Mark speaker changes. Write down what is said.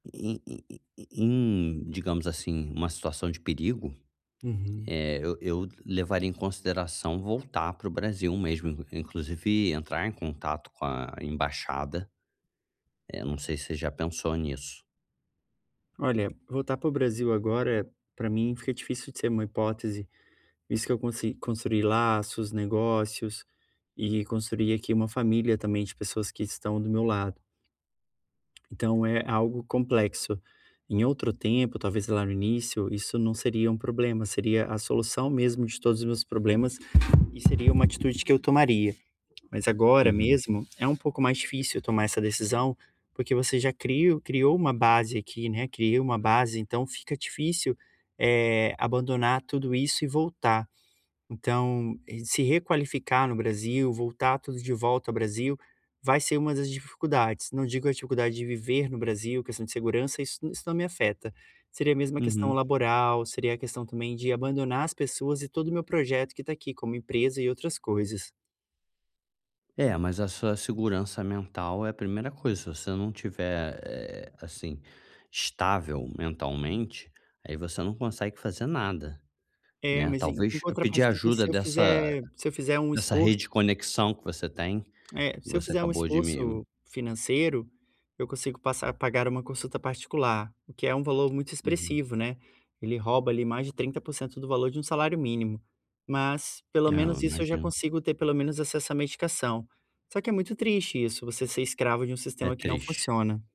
Speaker 1: Em em em en em digamos assim, uma situação de perigo,
Speaker 2: Uhum.
Speaker 1: eh, eu eu levaria em consideração voltar para o Brasil mesmo, porque inclusive entrar em contato com a embaixada, é, não sei se você já pensou nisso.
Speaker 2: Olha, voltar para o Brasil agora, para mim fica difícil de ser uma hipótese, isso que eu consegui construi laços, negócios, e construi aqui uma família também de pessoas que estão do meu lado. Então é algo complexo. Em outro tempo, talvez lá no início, isso não seria um problema, seria a solução mesmo de todos os meus problemas, e seia uma atitude que eu tomaria. Mas agora
Speaker 1: Uhum.
Speaker 2: mesmo, é um pouco mais difícil tomar essa decisão, porque você já crio criou uma base aqui, né, criou uma base então fica difícil, eh, abandonar tudo isso e voltar. Então, se requalificar no Brasil, voltar tudo de volta ao Brasil, vai ser uma das dificuldades, não digo a dificuldade de viver no Brasil, questão de segurança, isso isso não me afeta. Seria a mesma questão
Speaker 1: Uhum.
Speaker 2: laboral, seria a questão também de abandonar as pessoas e todo o meu projeto que está aqui como empresa e outras coisas.
Speaker 1: É mas essa segurança mental é a primeira coisa se você não estiver, eh, assim, estável mentalmente, aí você não consegue fazer nada,
Speaker 2: É
Speaker 1: né,
Speaker 2: mas em em
Speaker 1: talvez pedir
Speaker 2: contrapartida
Speaker 1: ajuda
Speaker 2: se eu
Speaker 1: dessa
Speaker 2: fizer se eu fizer um
Speaker 1: dessa
Speaker 2: esforço
Speaker 1: rede de conexão que você tem, que
Speaker 2: é se eu
Speaker 1: você
Speaker 2: fizer um
Speaker 1: acabou de me
Speaker 2: esforço financeiro, eu consigo passar pagar uma consulta particular, o que é um valor muito
Speaker 1: Uhum.
Speaker 2: expressivo, né, ele rouba ali mais de trinta por cento do valor de um salário mínimo. Mas pelo
Speaker 1: É, eu
Speaker 2: menos isso eu já
Speaker 1: imagino.
Speaker 2: consigo ter pelo menos acesso à medicação. Só que é muito triste isso, você ser escravo de um
Speaker 1: É
Speaker 2: sistema que não
Speaker 1: triste.
Speaker 2: funciona.